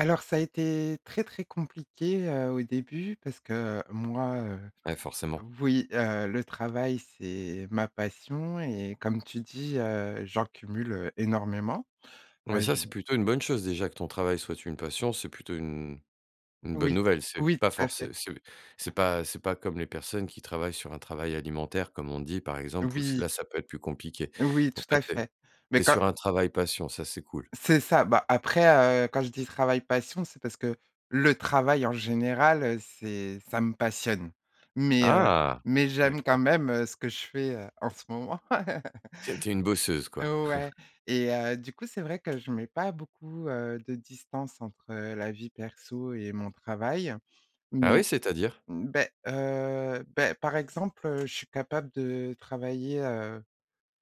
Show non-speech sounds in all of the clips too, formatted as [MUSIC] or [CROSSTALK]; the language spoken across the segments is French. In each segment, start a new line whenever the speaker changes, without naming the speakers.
Alors ça a été très, très compliqué, heu, au début parce que moi, heu,
Ouais forcément.
oui, heu, le travail c'est ma passion et comme tu dis, heu, j'en cumule énormément.
Mais
Heu,
ça,
je
c'est plutôt une bonne chose déjà que ton travail soit une passion, c'est plutôt une une bonne
Oui,
nouvelle. C'est
oui
pas
tout à fait.
forcé c'est c'est pas c'est pas comme les personnes qui travaillent sur un travail alimentaire comme on dit, par exemple, pous
Oui.
là, ça peut être plus compliqué.
Oui
Donc
tout
là,
à
tu es
fait, mais
tu es
quand
sur un travail passion, ça c'est cool.
C'est ça, bah après heu, quand je dis: «Travail passion», c'est parce que le travail en général, heu, c'est ça me passionne. Mais heu,
Ah!
mais j'aime quand
D'accord.
même, heu, ce que je fais, heu, en ce moment. [CHUCKLES]
C'est tu es une bosseuse quoi.
Ouais
[CHUCKLES]
et heu, du coup, c'est vrai que je mets pas beaucoup, heu, de distance entre heu, la vie perso et mon travail.
Ah oui,
Mais,
c'est-à-dire?
beh, heu, beh par exemple, heu, je suis capable de travailler, heu,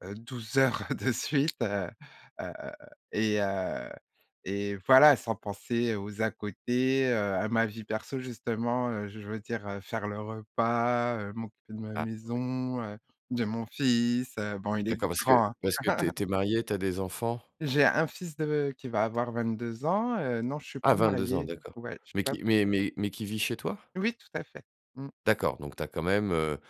heu, 12 heures de suite, heu, heu et heu, et voilà, sans penser aux à côtés, heu, à ma vie perso justement, heu, je veux dire faire le repas, heu, m'occuper de ma
Ah. Oui.
maison, heu, de mon fils, heu, bon il est
D'accord, parce que
grand, hein.
parce que tu es
[CHUCKLES]
tu es mariée, tu as des enfants?
J'ai un fils de qui va avoir 22 ans, heu, non je suis
Ah
pas
22 ans,
mariée,
d'accord.
ouais je suis
Mais
pas
qui mais mais qui vit chez toi?
Oui tout à fait. Mmh.
D'accord, donc tu as quand même, heu,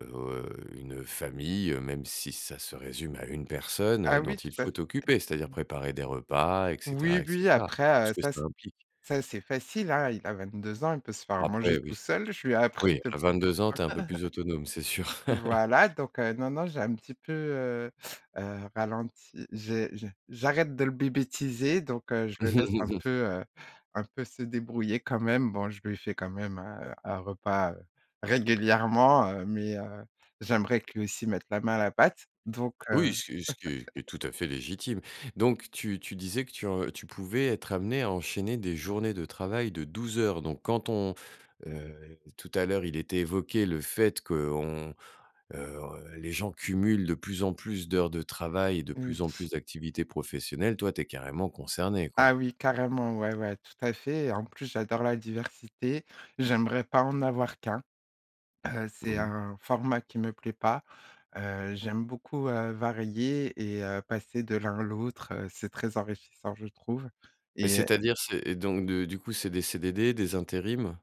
heu, une famille, heu, même si ça se résume à 1 personne, heu,
Ah
dont
oui,
il
tout à f
faut t'occuper, c'est-à-dire préparer des repas et cetera
Oui,
et
oui,
cetera. Tout
après
ce
heu,
que
ça
ça implique.
ça c'est facile hein, il a 22 ans, il peut se faire manger
Après
tout
oui.
seul, je lui ai appris
Oui, à
depuis [UNINTELLIGIBLE]
22 ans, tu es un peu plus autonome, c'est sûr.
[CHUCKLES]
[CHUCKLES]
voilà, donc heu, non, non, j'ai un petit peu, heu, heu, ralenti, j'ai j'ai j'arrête de le bébétiser, donc heu, je le laisse un peu,
[CHUCKLES]
heu, un peu se débrouiller quand même. Bon, je lui fais quand même, heu, un repas, heu, régulièrement, heu, mais heu, j'aimerais que lui aussi mette la main à la pâte. Donc heu
Oui, ce qui ce qui est ce qui est
[CHUCKLES]
tout à fait légitime. Donc tu tu disais que tu en tu pouvais être amenée à enchaîner des journées de travail de 12 heures. Donc quand on heu, tout à l'heure, il était évoqué le fait qu'on heu, les gens cumulent de plus en plus d'heures de travail et de
Oui.
plus en plus d'activités professionnelles. Toi, tu es carrément concernée quoi.
Ah oui, carrément. Ouais, ouais, tout à fait, et en plus, j'adore la diversité, j'aimerais pas en avoir qu'1, heu,
Mmh
c'est
mh.
un format qui ne me plaît pas, heu, j'aime beaucoup, heu, varier et heu, passer de l'un à l'autre, heu, c'est très enrichissant je trouve
Mais
et
c'est-à-dire, c'est donc de du coup, c'est des CDD, des intérims?